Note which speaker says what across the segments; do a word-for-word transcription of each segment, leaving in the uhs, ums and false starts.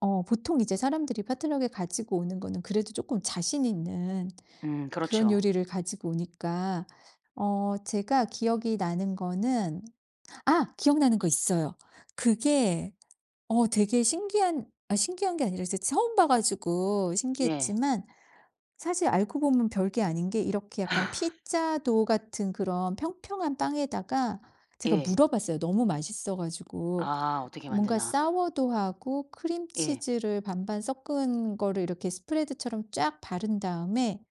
Speaker 1: 어 보통 이제 사람들이 포트럭에 가지고 오는 거는 그래도 쪼끔 자신 있는
Speaker 2: 음.
Speaker 1: 그런
Speaker 2: 그렇죠.
Speaker 1: 요리를 가지고 오니까 어 제가 기억이 나는 거는 아 기억나는 거 있어요. 그게 어 되게 신기한 아 신기한 게 아니라 이제 처음 봐 가지고
Speaker 2: 네.
Speaker 1: 신기했지만 사실 알고 보면 별 게 아닌 게 이렇게 약간 피자 도우 같은 그런 평평한 빵에다가 제가
Speaker 2: 예.
Speaker 1: 물어봤어요, 너무 맛있어 가지고.
Speaker 2: 아. 어떻게
Speaker 1: 뭔가
Speaker 2: 만드나.
Speaker 1: 사워도우하고
Speaker 2: 예.
Speaker 1: 크림치즈를 반반 섞은 거를 이렇게 스프레드처럼 쫙 바른 다음에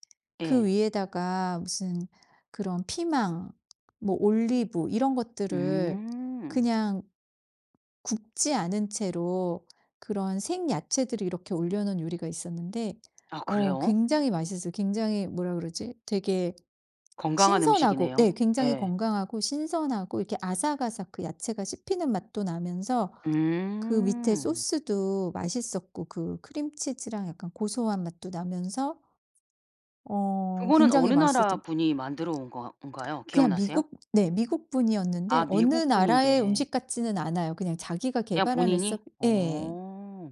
Speaker 1: 그
Speaker 2: 예.
Speaker 1: 위에다가 무슨 그런 피망 뭐 올리브 이런 것들을
Speaker 2: 음.
Speaker 1: 그냥 굽지 않은 채로 그런 생야채들을 이렇게 올려놓은 요리가 있었는데
Speaker 2: 아
Speaker 1: 어
Speaker 2: 그래요?
Speaker 1: 굉장히 맛있었어요. 굉장히 뭐라 그러지? 되게
Speaker 2: 건강한
Speaker 1: 신선하고
Speaker 2: 음식이네요.
Speaker 1: 예 굉장히
Speaker 2: 예.
Speaker 1: 건강하고 신선하고 이렇게 아삭아삭 그 야채가 씹히는 맛도 나면서 그 밑에
Speaker 2: 음.
Speaker 1: 소스도 맛있었고 그 크림치즈랑 약간 고소한 맛도 나면서 어
Speaker 2: 그거는
Speaker 1: 굉장히
Speaker 2: 어느 나라
Speaker 1: 맛있었던
Speaker 2: 분이 만들어 온 건 건가요?
Speaker 1: 그냥
Speaker 2: 기억나세요?
Speaker 1: 미국 네. 미국 분이었는데
Speaker 2: 아
Speaker 1: 어느
Speaker 2: 미국
Speaker 1: 나라의
Speaker 2: 분인데
Speaker 1: 음식 같지는 않아요. 그냥 자기가
Speaker 2: 그냥
Speaker 1: 개발한 레서
Speaker 2: 본인이?
Speaker 1: 예.
Speaker 2: 어.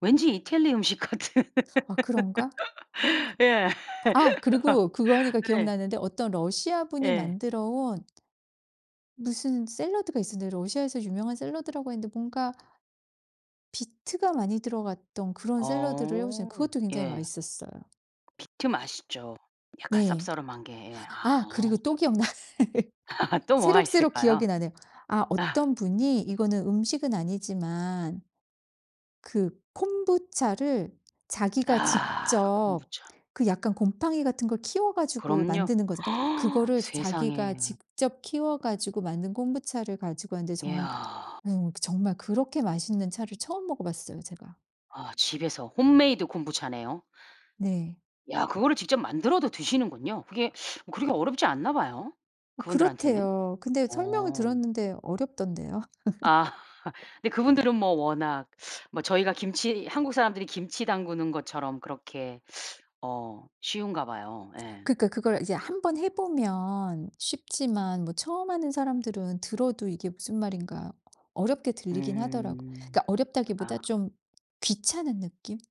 Speaker 2: 왠지 이태리 음식 같은.
Speaker 1: 아 그런가?
Speaker 2: 예.
Speaker 1: 아 그리고 그거 하니까
Speaker 2: 네.
Speaker 1: 기억나는데 어떤 러시아 분이
Speaker 2: 예.
Speaker 1: 만들어 온 무슨 샐러드가 있었는데 러시아에서 유명한 샐러드라고 했는데 뭔가 비트가 많이 들어갔던 그런 샐러드를 해
Speaker 2: 어.
Speaker 1: 오셨는데 그것도 굉장히
Speaker 2: 예.
Speaker 1: 맛있었어요.
Speaker 2: 비트 맛있죠. 약간
Speaker 1: 네.
Speaker 2: 쌉싸름한 게. 예.
Speaker 1: 아
Speaker 2: 아.
Speaker 1: 그리고 또 기억나네.
Speaker 2: 또 뭐가
Speaker 1: 새록새록
Speaker 2: 있을까요?
Speaker 1: 기억이 나네. 아 어떤 분이 이거는 음식은 아니지만 그 콤부차를 자기가
Speaker 2: 아.
Speaker 1: 직접
Speaker 2: 콤부차.
Speaker 1: 그 약간 곰팡이 같은 걸 키워 가지고
Speaker 2: 그럼요.
Speaker 1: 만드는 거잖 그거를
Speaker 2: 세상에.
Speaker 1: 자기가 직접 키워 가지고 만든 콤부차를 가지고 왔는데 정
Speaker 2: 이야.
Speaker 1: 어 정말 그렇게 맛있는 차를 처음 먹어 봤어요, 제가.
Speaker 2: 아 집에서 홈메이드 콤부차네요.
Speaker 1: 네.
Speaker 2: 야 그거를 직접 만들어도 드시는군요. 그게 그렇게 어렵지 않나 봐요,
Speaker 1: 어
Speaker 2: 그분들한테는?
Speaker 1: 그렇대요. 근데 설명을
Speaker 2: 어.
Speaker 1: 들었는데 어렵던데요.
Speaker 2: 아 근데 그분들은 뭐 워낙 뭐 저희가 김치 한국 사람들이 김치 담그는 것처럼 그렇게 어 쉬운가 봐요. 예.
Speaker 1: 그러니까 그걸 이제 한 번 해 보면 쉽지만 뭐 처음 하는 사람들은 들어도 이게 무슨 말인가 어렵게 들리긴 하더라고요.
Speaker 2: 음.
Speaker 1: 그러니까
Speaker 2: 아.
Speaker 1: 어렵다기보다 좀 귀찮은 느낌?